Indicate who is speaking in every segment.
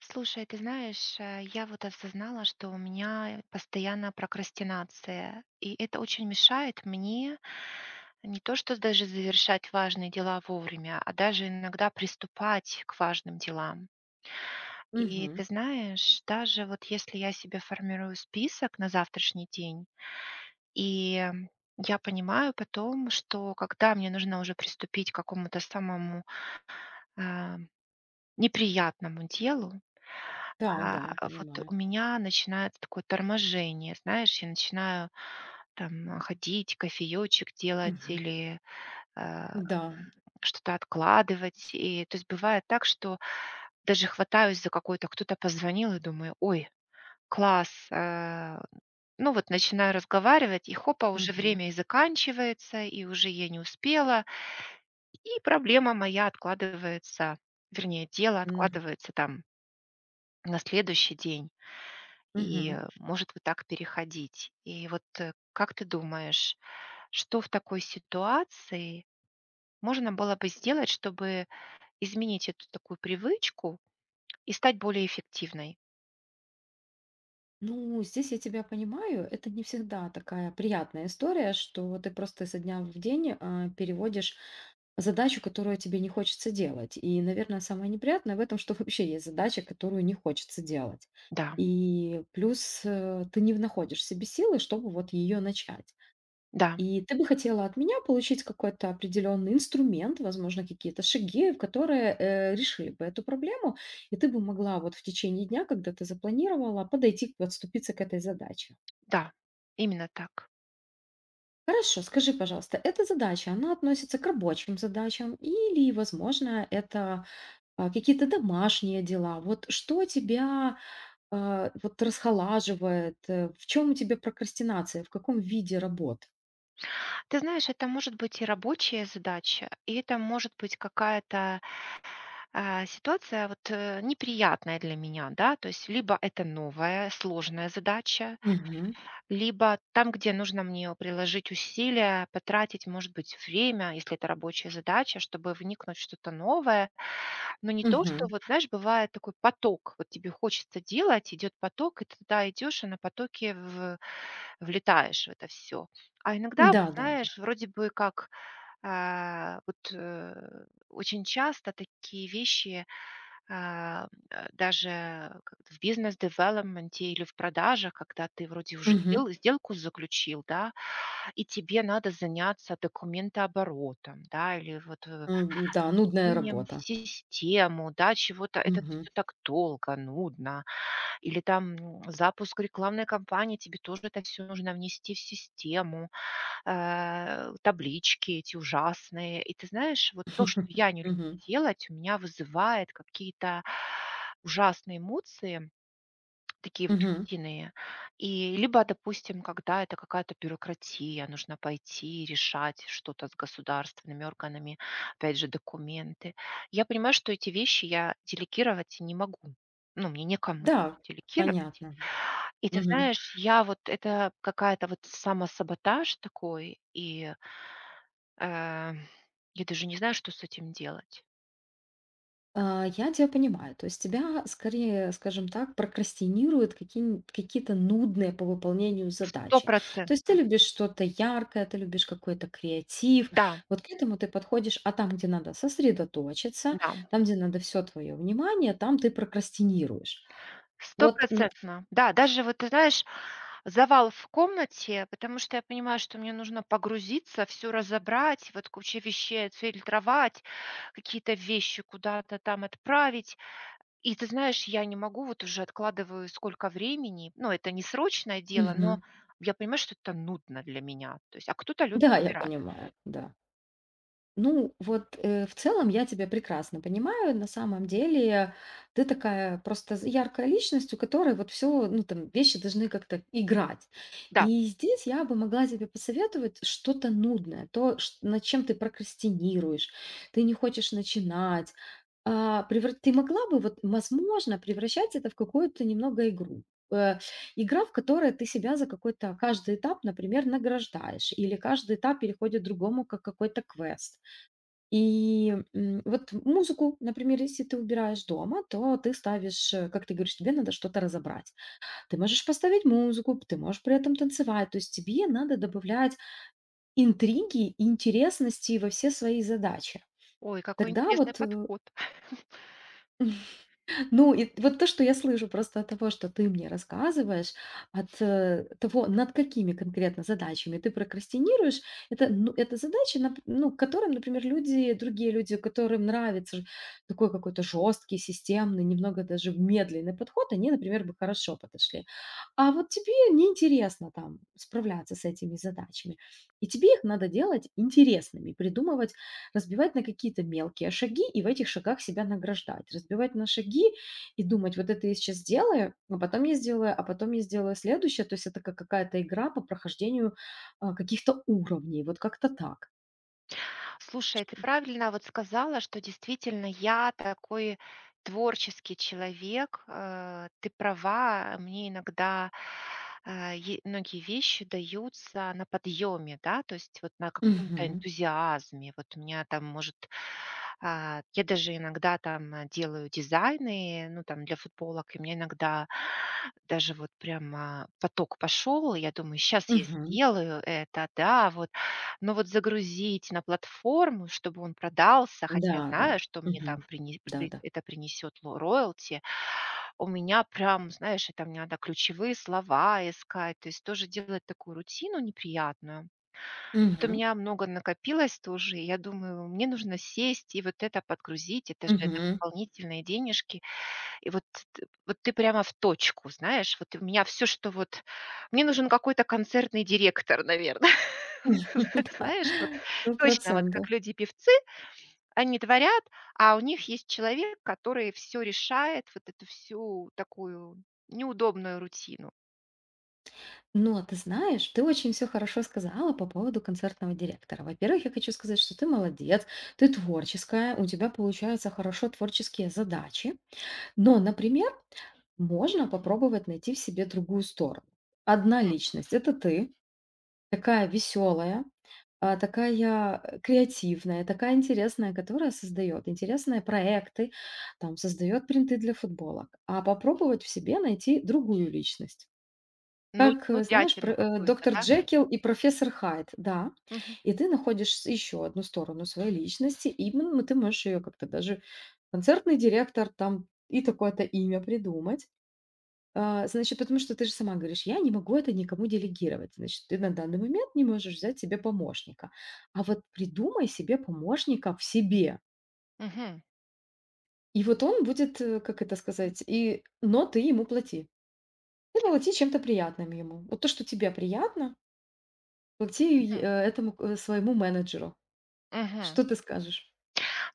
Speaker 1: Слушай, ты знаешь, а, я вот осознала, что у меня постоянно прокрастинация, и это очень мешает мне не то что даже завершать важные дела вовремя, а даже иногда приступать к важным делам. И
Speaker 2: Мгм.
Speaker 1: ты знаешь, даже вот если я себе формирую список на завтрашний день, и я понимаю потом, что когда мне нужно уже приступить к какому-то самому, эм, неприятному делу, а,
Speaker 2: Да-да,
Speaker 1: вот
Speaker 2: понимаю.
Speaker 1: у меня начинается такое торможение. Знаешь, я начинаю там, ходить, кофеёчек делать
Speaker 2: Мгм.
Speaker 1: или, э,
Speaker 2: М-да.
Speaker 1: что-то откладывать. И, то есть бывает так, что даже хватаюсь за какое-то, кто-то позвонил, я думаю: "Ой, класс!" Э, ну, вот начинаю разговаривать, и хопа, уже
Speaker 2: Мгм.
Speaker 1: время и заканчивается, и уже я не успела и проблема моя откладывается. Вернее, дело
Speaker 2: М.
Speaker 1: откладывается, там на следующий день, и,
Speaker 2: Мгм.
Speaker 1: может вот так переходить. И вот, э, как ты думаешь, что в такой ситуации можно было бы сделать, чтобы изменить эту такую привычку и стать более эффективной?
Speaker 2: Ну здесь я тебя понимаю. Это не всегда такая приятная история, что вот ты просто со дня в день, э, переводишь задачу, которую тебе не хочется делать. И, наверно, самое неприятное в этом, что вообще есть задача, которую не хочется делать.
Speaker 1: Да.
Speaker 2: И плюс, э, ты не в находишь в себе силы, чтобы вот её начать.
Speaker 1: Да.
Speaker 2: И ты бы хотела от меня получить какой-то определенный инструмент, возможно, какие-то шаги, которые, э, решили бы эту проблему, и ты бы могла вот в течение дня, когда ты запланировала, подойти, подступиться к этой задаче.
Speaker 1: Да, именно так.
Speaker 2: Хорошо, скажи, пожалуйста, эта задача, она относится к рабочим задачам или, возможно, это, а, какие-то домашние дела? Вот что тебя, а, вот расхолаживает, э? В чем у тебя прокрастинация, в каком виде работ?
Speaker 1: Ты знаешь, это может быть и рабочая задача, и это может быть какая-то, а, ситуация, вот, э, неприятная для меня, да. То есть либо это новая сложная задача,
Speaker 2: Мгм.
Speaker 1: либо там, где нужно мне у приложить усилия, потратить, может быть, время, если это рабочая задача, чтобы вникнуть в что-то новое, но не то что,
Speaker 2: Мгм.
Speaker 1: вот знаешь, бывает такой поток, вот тебе хочется делать, идет поток, и ты туда идешь и на потоке в в влетаешь в это всё. А иногда, вот
Speaker 2: Н-да, да.
Speaker 1: знаешь, вроде бы как, а, вот, э, очень часто такие вещи, а, м, а, даже как в бизнес-девелопменте или в продажах, когда ты вроде и уже
Speaker 2: Мгм.
Speaker 1: дел сделку заключил, да, и тебе надо заняться документооборотом, да, или вот в
Speaker 2: Н-да, нудная
Speaker 1: внесением в
Speaker 2: работа.
Speaker 1: систему, да, чего-то. Это
Speaker 2: Мгм.
Speaker 1: всё так долго, нудно. Или, там, м, запуск рекламной кампании, тебе тоже это всё нужно внести в систему. Э, таблички эти ужасные. И ты знаешь, вот то, что я не люблю
Speaker 2: Мгм.
Speaker 1: делать, у меня вызывает какие-то ужасные эмоции, такие вот
Speaker 2: Мгм.
Speaker 1: сильные. И либо, допустим, когда это какая-то бюрократия, нужно пойти и решать что-то с государственными органами, опять же документы. Я понимаю, что эти вещи я делегировать не могу, ну, мне некому
Speaker 2: Да,
Speaker 1: делегировать.
Speaker 2: понятно.
Speaker 1: И ты
Speaker 2: Мгм.
Speaker 1: знаешь, я вот это какая-то, вот самосаботаж такой, и э, я даже не знаю, что с этим делать.
Speaker 2: А, я тя понимаю. То есть тебя скорее, скажем так, прокрастинируют каки н какие-то нудные по выполнению задачи. То есть ты
Speaker 1: Стопроцентно!
Speaker 2: любишь что-то яркое, ты любишь какой-то креатив,
Speaker 1: Да.
Speaker 2: вот к этому ты подходишь. А там, где надо сосредоточиться,
Speaker 1: Да, м.
Speaker 2: там, где надо всё твое внимание, там ты прокрастинируешь. Вот н
Speaker 1: Стопроцентно, да. Даже вот ты знаешь, завал в комнате, потому что я понимаю, что мне нужно погрузиться, всё разобрать, вот куча вещей, отфильтровать, какие-то вещи куда-то там отправить. И ты знаешь, я не могу, вот уже откладываю сколько времени, ну, это не срочное дело, но
Speaker 2: Мгм.
Speaker 1: я понимаю, что это нудно для меня. То есть, а кто-то любит
Speaker 2: Да, я
Speaker 1: убирать.
Speaker 2: понимаю, да. Ну, вот, э, в целом я тебя прекрасно понимаю. На самом деле ты такая просто з яркая личность, у которой вот всё, ну, там, вещи должны как-то играть.
Speaker 1: Да.
Speaker 2: И здесь я бы могла тебе посоветовать что-то нудное, то, ш над чем ты прокрастинируешь, ты не хочешь начинать. А, превра ты могла бы, вот, возможно, превращать это в какую-то немного игру. Э, игра, в которой ты себя за какой-то каждый этап, например, награждаешь, или каждый этап переходит другому как какой-то квест. И, м, вот музыку, например, если ты убираешь дома, то ты ставишь, э, как ты говоришь, тебе надо что-то разобрать. Ты можешь поставить музыку, п ты можешь при этом танцевать. То есть тебе надо добавлять интриги и интересности во все свои задачи.
Speaker 1: Ой, какой
Speaker 2: Тогда
Speaker 1: интересный
Speaker 2: вот э
Speaker 1: подход.
Speaker 2: Ну, и вот то, что я слышу просто от того, что ты мне рассказываешь, от, э, того, над какими конкретно задачами ты прокрастинируешь, это, ну, это задачи, нап ну, которым, например, люди, другие люди, которым нравится ж такой какой-то жесткий, системный, немного даже медленный подход, они, например, бы хорошо подошли. А вот тебе неинтересно там справляться с этими задачами, и тебе их надо делать интересными, придумывать, разбивать на какие-то мелкие шаги и в этих шагах себя награждать, разбивать на шаги и думать: вот это я сейчас сделаю, но потом я сделаю, а потом я сделаю следующее. То есть это как какая-то игра по прохождению, а, каких-то уровней. Вот как-то так.
Speaker 1: Слушай, ты
Speaker 2: Что?
Speaker 1: правильно вот сказала, что действительно я такой творческий человек. Э, ты права. Мне иногда, а, е многие вещи даются на подъеме, да? То есть вот на каком-то
Speaker 2: Мгм.
Speaker 1: энтузиазме. Вот у меня там, может, а, я даже иногда там, э, делаю дизайны, ну, там для футболок, и у меня иногда даже вот прямо поток пошел. И я думаю, щас я
Speaker 2: Мгм.
Speaker 1: сделаю это, да, вот. Но вот загрузить на платформу, чтобы он продался, хотя я
Speaker 2: Да,
Speaker 1: знаю,
Speaker 2: да.
Speaker 1: что мне
Speaker 2: Мгм.
Speaker 1: там принес
Speaker 2: Да,
Speaker 1: пр
Speaker 2: да.
Speaker 1: это принесет ло роялти. У меня прям, знаешь, это мне надо ключевые слова искать. То есть тоже делать такую рутину неприятную. От у
Speaker 2: Мгм.
Speaker 1: меня много накопилось тоже. И я думаю, мне нужно сесть и вот это подгрузить. Это же, это
Speaker 2: Мгм.
Speaker 1: дополнительные денежки. И вот, т т вот ты прямо в точку, знаешь, вот у меня всё, что вот мне нужен какой-то концертный директор, наверно.
Speaker 2: Да,
Speaker 1: Знаешь, вот
Speaker 2: сто
Speaker 1: точно, вот
Speaker 2: процентов.
Speaker 1: как люди певцы, они творят, а у них есть человек, который всё решает, вот эту всю такую неудобную рутину.
Speaker 2: Но ты знаешь, ты очень всё хорошо сказала по поводу концертного директора. Во-первых, я хочу сказать, что ты молодец, ты творческая, у тебя получаются хорошо творческие задачи. Но, например, можно попробовать найти в себе другую сторону. Одна
Speaker 1: Мгм.
Speaker 2: личность- это ты, такая веселая, а, такая, а, креативная, такая интересная, которая создает интересные проекты там, создает принты для футболок. А попробовать в себе найти другую личность,
Speaker 1: Нуд
Speaker 2: как, э, знаешь, про,
Speaker 1: нудятину
Speaker 2: э,
Speaker 1: какую-то,
Speaker 2: доктор
Speaker 1: да?
Speaker 2: Джекил и профессор Хайд. Да.
Speaker 1: Мгм.
Speaker 2: И ты находишь с еще одну сторону своей личности, именно ты можешь ее как-то даже концертный директор там, и такое-то имя придумать, а. Значит, потому что ты же сама говоришь: "Я не могу это никому делегировать". Значит, ты на данный момент не можешь взять себе помощника, а вот придумай себе помощника в себе.
Speaker 1: Мгм.
Speaker 2: И вот он будет, э, как это сказать, и, но ты ему плати, ты плати чем-то приятным ему. Вот то, что тебе приятно плати й
Speaker 1: Мгм.
Speaker 2: этому, э, своему менеджеру.
Speaker 1: Мгм.
Speaker 2: Что ты скажешь?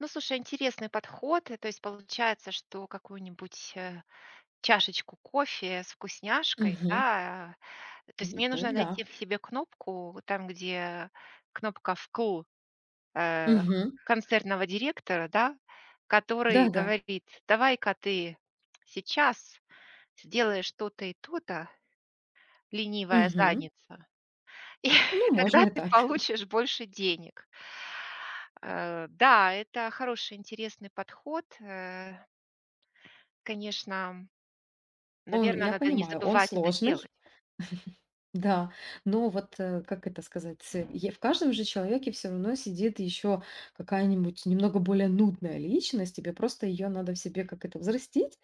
Speaker 1: Ну слушай, интересный подход. Э, то есть получается, что какую-нибудь, э, чашечку кофе с вкусняшкой,
Speaker 2: Мгм.
Speaker 1: да? То есть
Speaker 2: М,
Speaker 1: мне
Speaker 2: ну
Speaker 1: нужно найти
Speaker 2: да.
Speaker 1: в себе кнопку, вот там, где кнопка "вкл", э,
Speaker 2: Мгм.
Speaker 1: концертного директора, да,
Speaker 2: Да,
Speaker 1: который
Speaker 2: да.
Speaker 1: говорит: "Давай-ка ты сейчас сделаешь то-то и то-то, ленивая
Speaker 2: Мгм.
Speaker 1: задница, и
Speaker 2: Ну можно
Speaker 1: тогда
Speaker 2: и
Speaker 1: ты
Speaker 2: так.
Speaker 1: получишь больше денег". Э, да, это хороший, интересный подход. Э Конечно, м,
Speaker 2: Он,
Speaker 1: наверно,
Speaker 2: я
Speaker 1: надо не
Speaker 2: понимаю, он
Speaker 1: забывать это
Speaker 2: сложный,
Speaker 1: делать.
Speaker 2: да. Но вот, э, как это сказать? Ц Е в каждом же человеке всё равно сидит еще какая-нибудь немного более нудная личность. Тебе просто ее надо в себе, как это, взрастить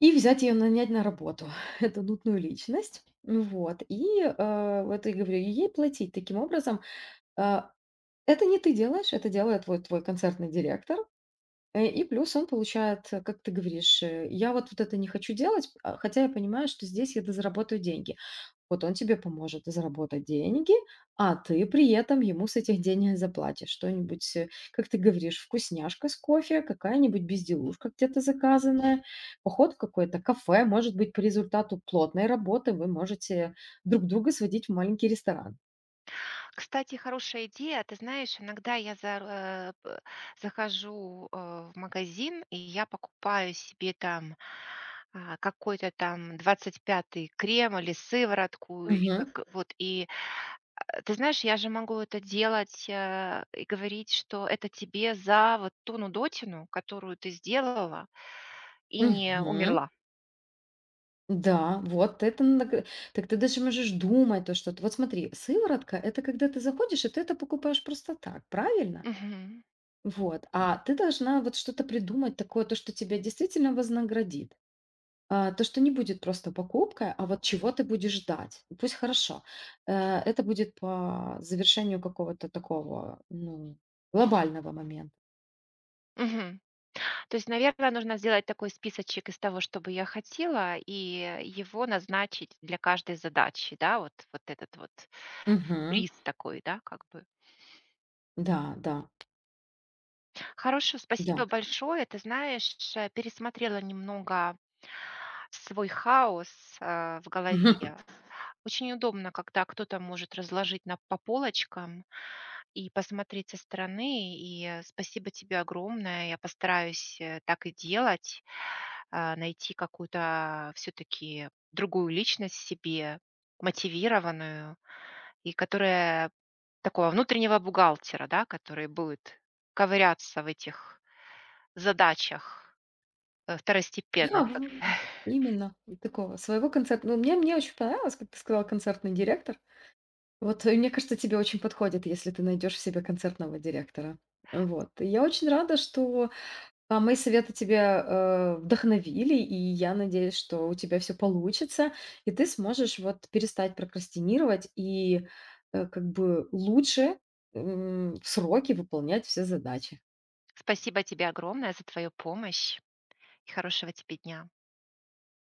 Speaker 2: и взять ее нанять на работу, эту нудную личность. М, вот. И, э, вот и говорю, и ей платить таким образом. А, это не ты делаешь, это делает вот твой концертный директор. Э, и плюс он получает, как ты говоришь, э, я вот, вот это не хочу делать, а хотя я понимаю, что здесь я дозаработаю деньги. Вот он тебе поможет заработать деньги, а ты при этом ему с этих денег заплатишь что-нибудь, э, как ты говоришь: вкусняшка с кофе, какая-нибудь безделушка, где-то заказанная, поход в какое-то кафе. Может быть, по результату плотной работы вы можете друг друга сводить в маленький ресторан.
Speaker 1: Кстати, хорошая идея. Ты знаешь, иногда я за, р э, пэ захожу, э, в магазин, и я покупаю себе там, а, какой-то там 25 крем или сыворотку, или
Speaker 2: Мгм.
Speaker 1: как вот и, а, ты знаешь, я же могу это делать, а, и говорить, что это тебе за вот ту нудотину, которую ты сделала и не
Speaker 2: Мгм.
Speaker 1: умерла.
Speaker 2: Н-да. Вот это на га так ты даже можешь думать то, что ты вот смотри, сыворотка- это когда ты заходишь и ты это покупаешь просто так. Правильно?
Speaker 1: Мгм.
Speaker 2: Вот. А ты должна вот что-то придумать такое, то, что тебя действительно вознаградит, а, то, что не будет просто покупкой, а вот чего ты будешь ждать. Пусть, хорошо, э это будет по завершению какого-то такого, ну, глобального момента.
Speaker 1: Мгм. То есть, наверно, нужно сделать такой списочек из того, что бы я хотела, и его назначить для каждой задачи, да? Вот вот этот вот
Speaker 2: Мгм.
Speaker 1: приз такой, да, как бы?
Speaker 2: Да, да.
Speaker 1: Хорошо.
Speaker 2: Да.
Speaker 1: Спасибо большое! Ты знаешь, ш пересмотрела немного свой хаос, а, в голове. Очень удобно, когда кто-то может разложить на по полочкам и посмотреть со стороны. И спасибо тебе огромное. Я постараюсь, э, так и делать. А, найти какую-то всё-таки другую личность в себе, мотивированную, и которая такого внутреннего бухгалтера, да, который будет ковыряться в этих задачах, а, второстепенных
Speaker 2: Да, в
Speaker 1: как
Speaker 2: в именно, и такого своего концертно Но мне мне очень понравилось, как ты сказала: концертный директор. Вот, э, мне кажется, тебе очень подходит, если ты найдешь в себе концертного директора. Э, вот. И я очень рада, что, а, мои советы тебя, а, вдохновили, и я надеюсь, что у тебя всё получится и ты сможешь вот перестать прокрастинировать и, а, как бы лучше, м, в сроки выполнять все задачи.
Speaker 1: Спасибо тебе огромное за твою помощь. И хорошего тебе дня.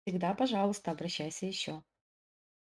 Speaker 2: Всегда, пожалуйста, обращайся еще.